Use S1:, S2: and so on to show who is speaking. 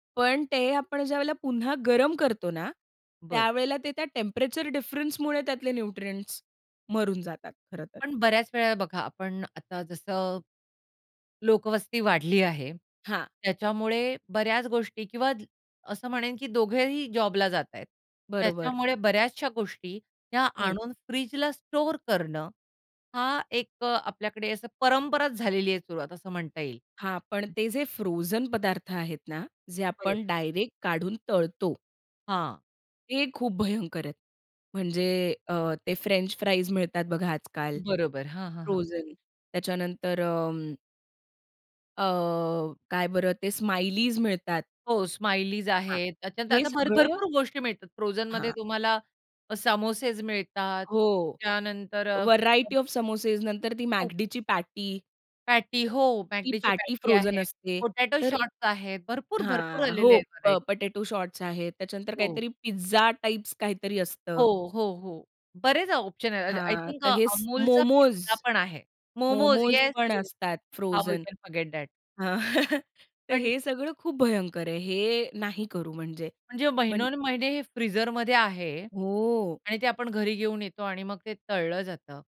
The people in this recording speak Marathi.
S1: पण ते आपण ज्यावेळेला पुन्हा गरम करतो ना,
S2: बरं.
S1: त्यावेळेला ते त्या टेम्परेचर डिफरन्स मुळे त्यातले न्यूट्रिएंट्स मरून जातात, खरं तर.
S2: पण बऱ्याच वेळा बघा, आपण आता जसं, लोकवस्ती वाढली आहे.
S1: हां.
S2: त्याच्यामुळे बऱ्याच गोष्टी किंवा असं म्हणेन, की दोघेही जॉबला जात आहेत.
S1: बरोबर.
S2: त्याच्यामुळे बऱ्याचश्या गोष्टी त्या
S1: हं.
S2: आणून फ्रिजला स्टोअर करणं, हा एक अ, आपल्याकडे असं परंपराच झालेली आहे. सुरुवात असं म्हणता येईल.
S1: हां, पण ते जे फ्रोझन पदार्थ आहेत ना, जे
S2: बरं.
S1: आपण डायरेक्ट काढून तळतो.
S2: हां.
S1: ते खूप भयंकर आहेत. म्हणजे अ, ते फ्रेंच फ्राईज मिळतात बघा आजकाल.
S2: बरोबर हां, हां, हां.
S1: फ्रोझन त्याच्यानंतर अ अ, काय बरं ते स्माइलीज मिळतात.
S2: हो, स्माइलीज
S1: हां.
S2: आहेत. त्याच्यानंतर
S1: हे,
S2: आता भर
S1: सगळं.
S2: भरपूर गोष्टी मिळतात. फ्रोझनमध्ये
S1: हां.
S2: तुम्हाला समोसेज मिळतात.
S1: हो,
S2: त्यानंतर
S1: व्हेरायटी
S2: [unintelligible]
S1: ऑफ समोसेस, नंतर ती
S2: खूप.
S1: मॅकडीची पॅटी.
S2: पॅटी हो,
S1: ती
S2: मॅकडीची
S1: पॅटी
S2: पॅटी
S1: फ्रोझन
S2: आहे,
S1: असते,
S2: पोटॅटो
S1: तर
S2: शॉट्स आहेत, भरपूर-भरपूर
S1: हां,
S2: आलेले
S1: हो.
S2: आहेत
S1: प
S2: व्हरायटी.
S1: पोटॅटो शॉट्स आहेत, त्याच्यानंतर
S2: हो.
S1: काहीतरी पिझ्झा टाइप्स, काहीतरी
S2: हो,
S1: असतं.
S2: हो, हो बरेच ऑप्शन आहेत आय
S1: हां,
S2: थिंक
S1: तर हे
S2: Amulचा पिझ्झा
S1: मोमोस,
S2: पण आहे. मोमोस,
S1: मोमोस
S2: येस,
S1: पण
S2: येस.
S1: असतात
S2: how you
S1: frozen
S2: can forget that.
S1: हां, तर
S2: पण
S1: हे सगळं खूप भयंकर आहे हे नाही करू म्हणजे
S2: म्हणजे
S1: म्हण
S2: महिनोनमहिने हे फ्रीझरमध्ये आहे
S1: हो.
S2: आणि ते आपण घरी घेऊन येतो आणि मग ते तळलं जातं.